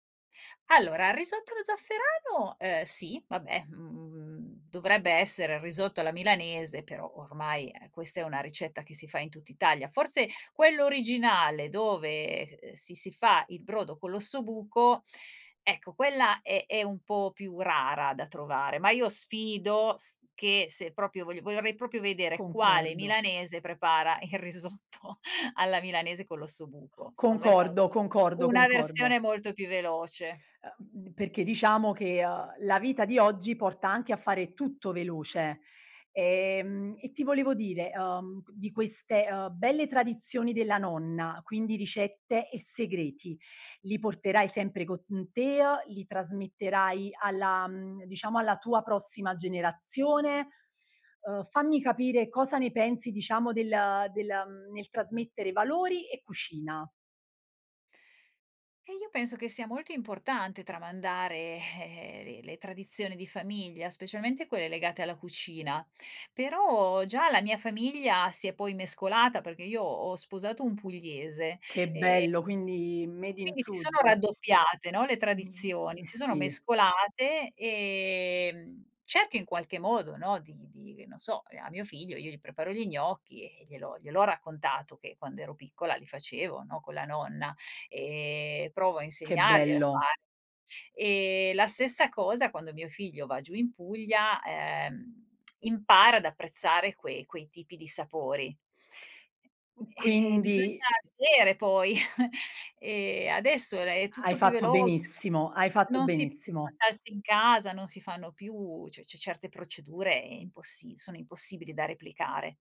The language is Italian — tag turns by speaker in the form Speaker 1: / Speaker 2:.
Speaker 1: Allora, il risotto allo zafferano, uhm, sì. Vabbè, mhmm, dovrebbe essere il risotto alla milanese, però ormai, ehm, questa è una ricetta che si fa in tutt'Italia. Forse, quello originale dove, ehm, si si fa il brodo con l'ossobuco ecco, quella è è un po' più rara da trovare. Ma io sfido s che se proprio vogli vorrei proprio vedere, quale
Speaker 2: Concordo.
Speaker 1: milanese prepara il risotto alla milanese con l'ossobuco. Secondo me, fanno
Speaker 2: Concordo,
Speaker 1: tutti
Speaker 2: concordo,
Speaker 1: una
Speaker 2: concordo.
Speaker 1: versione molto più veloce.
Speaker 2: Uh mhmm, perché diciamo che, uhm, la vita di oggi, porta anche a fare tutto veloce. Ehm, e ti volevo dire, uhm, di queste, uhm, belle tradizioni della nonna, quindi ricette e segreti, li porterai sempre con, mhmm, te, uhm, li trasmetterai alla, mhmm, diciamo, alla tua prossima generazione? Uhm, fammi capire cosa ne pensi, diciamo, del del nel trasmettere valori e cucina.
Speaker 1: Eh, io penso che sia molto importante tramandare, eh, le le tradizioni di famiglia. Specialmente quelle legate alla cucina. Però, già la mia famiglia si è poi mescolata, perché io ho sposato un pugliese
Speaker 2: Che
Speaker 1: e
Speaker 2: bello! Quindi, made in
Speaker 1: quindi si
Speaker 2: sud.
Speaker 1: sono raddoppiate, no, le
Speaker 2: Mh-mh.
Speaker 1: tradizioni,
Speaker 2: E
Speaker 1: si sono
Speaker 2: sì.
Speaker 1: mescolate. Ehm, cerco in qualche modo, no, di di g non so. Ehm, a mio figlio, io gli preparo gli gnocchi, e gliel'ho gliel'ho raccontato che quando ero piccola li facevo, no, con la nonna. Ehm, e provo a
Speaker 2: Che
Speaker 1: insegnarglielo a fa
Speaker 2: bello!
Speaker 1: ehm, la stessa cosa, quando mio figlio va giù in Puglia, ehm, impara ad apprezzare quei quei tipi di sapori. Eh, bisogna
Speaker 2: Quindi
Speaker 1: vedere poi. Ehm, adesso è è
Speaker 2: Hai
Speaker 1: tutto più
Speaker 2: fatto
Speaker 1: veloce
Speaker 2: benissimo, hai fatto
Speaker 1: non si fa
Speaker 2: benissimo.
Speaker 1: salse in casa, non si fanno più. Cioè, ce certe procedure è impossi sono impossibili da replicare.